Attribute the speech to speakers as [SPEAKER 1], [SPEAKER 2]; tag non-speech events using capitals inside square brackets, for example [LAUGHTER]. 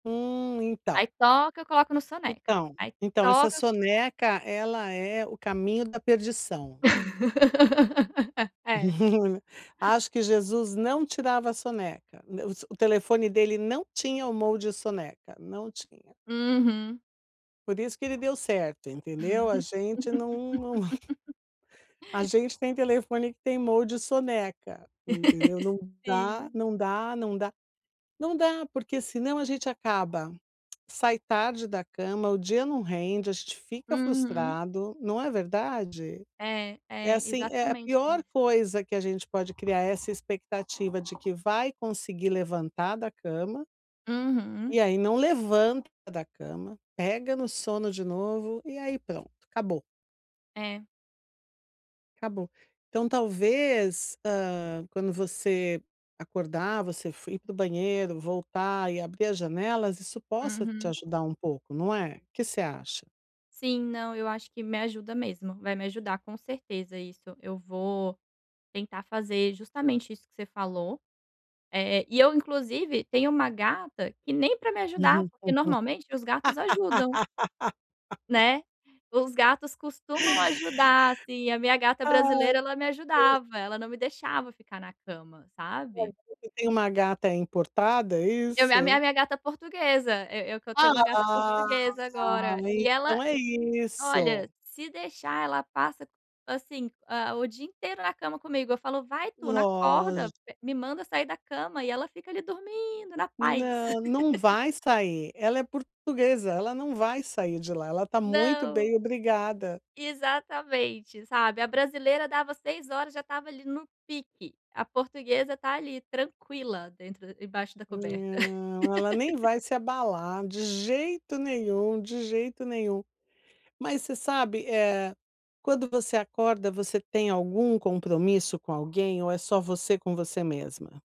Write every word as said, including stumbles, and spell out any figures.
[SPEAKER 1] Hum,
[SPEAKER 2] Aí
[SPEAKER 1] então
[SPEAKER 2] toca, eu coloco no soneca.
[SPEAKER 1] Então
[SPEAKER 2] Aí
[SPEAKER 1] então essa
[SPEAKER 2] toca
[SPEAKER 1] soneca ela é o caminho da perdição.
[SPEAKER 2] [LAUGHS] É.
[SPEAKER 1] [CHUCKLES] Acho que Jesus não tirava a soneca, n os o telefone dele não tinha o mode soneca, não tinha.
[SPEAKER 2] Uhum.
[SPEAKER 1] Por isso que ele deu certo, entendeu? A gente não não [CHUCKLES]
[SPEAKER 2] [LAUGHS]
[SPEAKER 1] A gente tem telefone que tem mode soneca, entendeu,
[SPEAKER 2] [LAUGHS]
[SPEAKER 1] não dá
[SPEAKER 2] Sim.
[SPEAKER 1] não dá não dá, não dá porque senão a gente acaba sai tarde da cama, o dia não rende, a gente fica
[SPEAKER 2] Uhum.
[SPEAKER 1] frustrado, não é verdade?
[SPEAKER 2] É,
[SPEAKER 1] É,
[SPEAKER 2] é,
[SPEAKER 1] assim, é é a
[SPEAKER 2] exatamente
[SPEAKER 1] pior
[SPEAKER 2] isso.
[SPEAKER 1] coisa que a gente pode criar é essa expectativa de que vai conseguir levantar da cama
[SPEAKER 2] Uhum.
[SPEAKER 1] e aí não levanta da cama, pega no sono de novo e aí pronto, acabou.
[SPEAKER 2] É.
[SPEAKER 1] Acabou. Então, talvez, ah, quando você acordar, você f ir para o banheiro, voltar e abrir as janelas, isso possa te
[SPEAKER 2] Uhum.
[SPEAKER 1] ajudar um pouco não é? O que você acha?
[SPEAKER 2] Sim. Não, eu acho que me ajuda mesmo, vai me ajudar com certeza isso, eu vou tentar fazer justamente isso que você falou, eh, e eu inclusive tenho uma gata que nem pra me ajudar porque normalmente os gatos ajudam.
[SPEAKER 1] [LAUGHS]
[SPEAKER 2] Né, os gatos costumam ajudar, assim. A minha gata
[SPEAKER 1] Ah,
[SPEAKER 2] brasileira ela me
[SPEAKER 1] pois
[SPEAKER 2] ajudava ela não me deixava ficar na cama,
[SPEAKER 1] Ah,
[SPEAKER 2] sabe.
[SPEAKER 1] você tem uma gata importada, é
[SPEAKER 2] Eu me a mi a
[SPEAKER 1] isso?
[SPEAKER 2] minha gata portuguesa, eu eu que eu tenho uma gata
[SPEAKER 1] Ah,
[SPEAKER 2] portuguesa agora
[SPEAKER 1] [UNINTELLIGIBLE]
[SPEAKER 2] e ela
[SPEAKER 1] então é
[SPEAKER 2] olha,
[SPEAKER 1] isso.
[SPEAKER 2] se deixar ela passa, assim, ah, o dia inteiro na cama comigo, eu falo: "Vai Tuna,
[SPEAKER 1] Lógi
[SPEAKER 2] acorda m me manda sair da cama", e ela fica ali dormindo na paz.
[SPEAKER 1] Não, não
[SPEAKER 2] [LAUGHS]
[SPEAKER 1] vai sair, ela é portuguesa, ela não vai sair de lá, ela tá muito
[SPEAKER 2] Não,
[SPEAKER 1] bem obrigada.
[SPEAKER 2] exatamente, sabe. A brasileira dava seis já estava ali no pique, a portuguesa tá ali tranquila dentro embaixo da coberta.
[SPEAKER 1] Não, ela nem vai
[SPEAKER 2] [LAUGHS]
[SPEAKER 1] se abalar, de jeito nenhum, de jeito nenhum. Mas você sabe, eh, quando você acorda, você tem algum compromisso com alguém ou é só você com você mesma?